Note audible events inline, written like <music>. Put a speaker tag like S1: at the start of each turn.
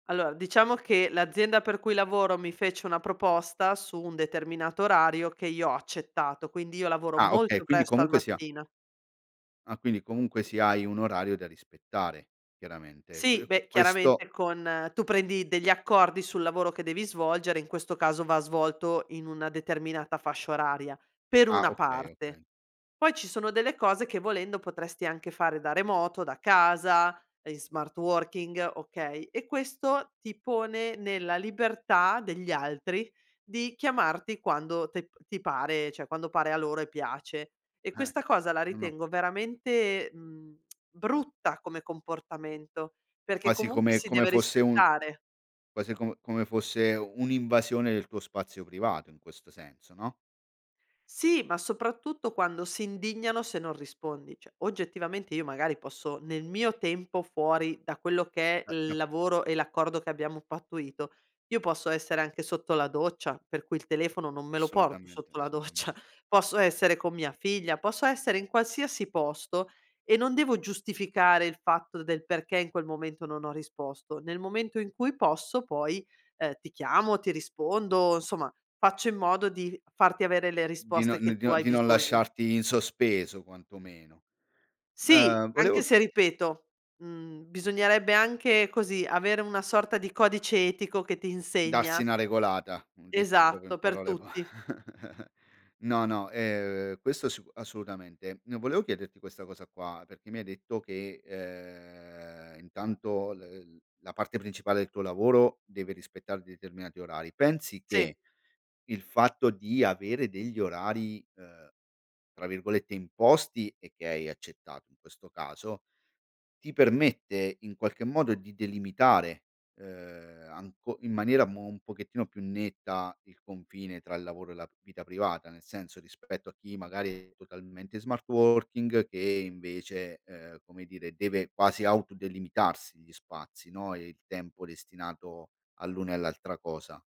S1: Allora diciamo che l'azienda per cui lavoro mi fece una proposta su un determinato orario che io ho accettato, quindi io lavoro
S2: Ah okay,
S1: molto
S2: quindi
S1: presto al
S2: comunque sì ha
S1: mattino.
S2: Ah, quindi comunque sì, hai un orario da rispettare chiaramente. E
S1: Sì,
S2: qu e
S1: beh
S2: questo
S1: chiaramente con tu prendi degli accordi sul lavoro che devi svolgere, in questo caso va svolto in una determinata fascia oraria, per
S2: Ah
S1: una
S2: okay,
S1: parte.
S2: okay.
S1: Poi ci sono delle cose che volendo potresti anche fare da remoto, da casa, in smart working, okay, e questo ti pone nella libertà degli altri di chiamarti quando tep ti pare, cioè quando pare a loro e piace. E
S2: Eh,
S1: questa cosa la
S2: no no
S1: ritengo veramente, mhmm, <tsk> brutta come comportamento, perché
S2: Quasi
S1: comunque
S2: come
S1: si
S2: come
S1: deve
S2: fosse un
S1: rispettare.
S2: quasi com come fosse un'invasione del tuo spazio privato in questo senso no?
S1: Sì, ma soprattutto quando si indignano se non rispondi. Cioè oggettivamente io magari posso, nel mio tempo fuori da quello che
S2: Eh,
S1: è
S2: no.
S1: il lavoro e l'accordo che abbiamo pattuito, io posso essere anche sotto la doccia, per cui il telefono non
S2: A
S1: me lo porto
S2: assolutamente,
S1: sotto la doccia
S2: assolutamen
S1: posso essere con mia figlia, posso essere in qualsiasi posto e non devo giustificare il fatto del perché in quel momento non ho risposto. Nel momento in cui posso poi, ehm, ti chiamo, ti rispondo, insomma faccio in modo di farti avere le
S2: Di non
S1: risposte che
S2: di
S1: tu
S2: non
S1: hai
S2: non
S1: bisogno.
S2: lasciarti in sospeso quantomeno.
S1: Sì,
S2: Ehm,
S1: anche
S2: volevo
S1: se ripeto, mhmm, bisognerebbe anche così avere una sorta di codice etico che ti
S2: Darsi
S1: insegna
S2: na regolata, detto proprio in
S1: Esatto per
S2: parole po
S1: tutti.
S2: <chuckles> No, no, ehm, questo sic assolutamente. Ehm, volevo chiederti questa cosa qua perché mi hai detto che ehm intanto l la parte principale del tuo lavoro deve rispettare determinati orari, pensi
S1: Sì.
S2: che il fatto di avere degli orari, ehm, tra virgolette "imposti" e che hai accettato in questo caso, ti permette in qualche modo di delimitare ehm anco in maniera mo un pochettino più netta il confine tra il lavoro e la vita privata, nel senso rispetto a chi magari è totalmente in smart working, che invece, ehm, come dire deve quasi auto delimitarsi gli spazi, no, e il tempo destinato all'una e all'altra cosa.